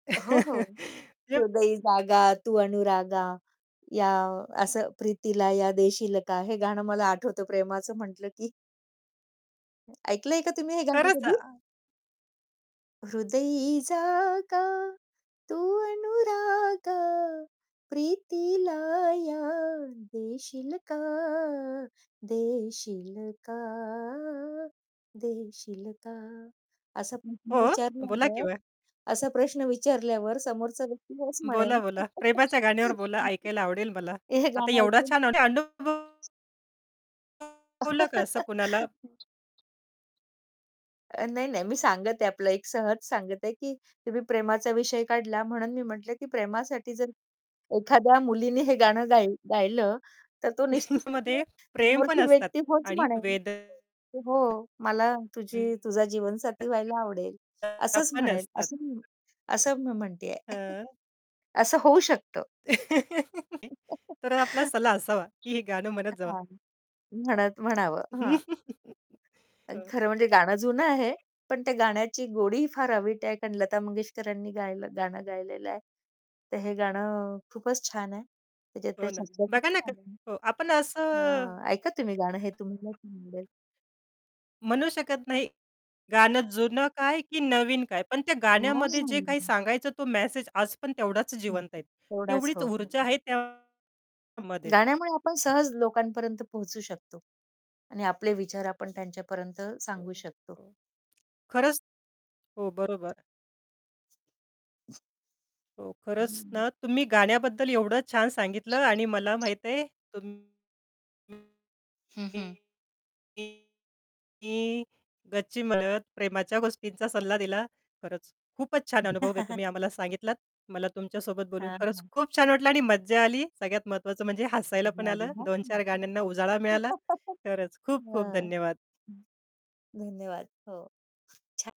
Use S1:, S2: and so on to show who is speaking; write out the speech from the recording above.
S1: हो, हो.
S2: [unintelligible]
S1: हृदयी जागा तू अनुरागा या असं प्रीतीला या देशील का? हे गाणं मला आठवतं प्रेमाचं म्हटलं की. ऐकलंय का तुम्ही हे गाणं
S2: खरंच आ
S1: कधी? हृदयी जागा, तू अनुराग, प्रीतीला या देशील का, देशील का, देशील का. असं
S2: हो? बोला
S1: विचारल्यावर
S2: केव्हा.
S1: असं प्रश्न विचारल्यावर समोरचा व्यक्ती होच म्हणेल.
S2: बोला, बोला प्रेमाच्या गाण्यावर बोला ऐकायला आवडेल मला.
S1: हे
S2: आता
S1: गाणं
S2: एवढा
S1: ऐकून.
S2: छान अनुभव शिकवलं का असं कुणाला?
S1: अ, नाही, नाही, मी सांगत आहे आपलं एक सहज सांगत आहे, की तुम्ही प्रेमाचा विषय काढला म्हणून मी म्हटलं, की प्रेमासाठी जर एखाद्या मुलीने हे गाणं गाय गायलं तर तो निश्चित
S2: मध्ये
S1: [unintelligible]
S2: प्रेम पण
S1: मोठी
S2: असतात
S1: व्यक्ती होच
S2: आणि
S1: म्हणेल,
S2: वेदन
S1: की "हो मला
S2: [unintelligible]
S1: तुझी तुझा
S2: वेदना
S1: जीवनसाथी व्हायला आवडेल." असंच
S2: पण
S1: म्हणेल.
S2: असतात.
S1: असंच मी [unintelligible] असं मी म्हणते आहे.
S2: हां.
S1: असं होऊ शकतं.
S2: तर आपला
S1: अ,
S2: सल्ला असावा, की हे गाणं म्हणत जावा.
S1: हां, म्हणत म्हणावं, हां. पण
S2: हो.
S1: खरं म्हणजे गाणं जुनं आहे, पण त्या गाण्याची गोडी फार अवीट आहे, कारण लता मंगेशकरांनी गायलं गाणं गायलेलं आहे. तर हे गाणं खूपच छान आहे.
S2: हो
S1: त्याच्यातले
S2: ना,
S1: शब्द खूप
S2: बघा ना क
S1: छान आहे.
S2: हो, आपण असं
S1: हां, ऐका तुम्ही गाणं हे तुम्हाला [unintelligible] समजेल.
S2: म्हणू शकत नाही, गाणं जुनं काय की नवीन काय? पण त्या गाण्यामध्ये जे काही
S1: हां.
S2: सांगायचं तो मेसेज आज पण तेवढाच
S1: हं.
S2: जिवंत आहे.
S1: एवढाच
S2: तेवढीच
S1: हो.
S2: ऊर्जा आहे त्यामध्ये.
S1: गाण्यामुळे आपण सहज लोकांपर्यंत पोहचू शकतो आणि आपले विचार आपण त्यांच्यापर्यंत
S2: हो,
S1: सांगू शकतो.
S2: हो. खरंच. हो, बरोबर. हो, खरंच ना तुम्ही गाण्याबद्दल एवढं छान सांगितलं आणि मला माहिती आहे तुम
S1: हं, हं
S2: [unintelligible] की गच्ची मदत प्रेमाच्या गोष्टींचा सल्ला दिला. खरंच, खूपच छान अनुभव आहे तुम्ही आम्हाला सांगितलात. मला तुमच्यासोबत बोलून
S1: हां,
S2: खरंच
S1: हां
S2: खूप छान वाटलं आणि मज्जा आली. सगळ्यात महत्वाचं म्हणजे हसायला पण
S1: मजा आली
S2: आलं.
S1: ना?
S2: 2-4 गाण्यांना उजाळा मिळाला. खरंच खूप-खूप
S1: हां.
S2: धन्यवाद.
S1: हं. धन्यवाद. हो. छा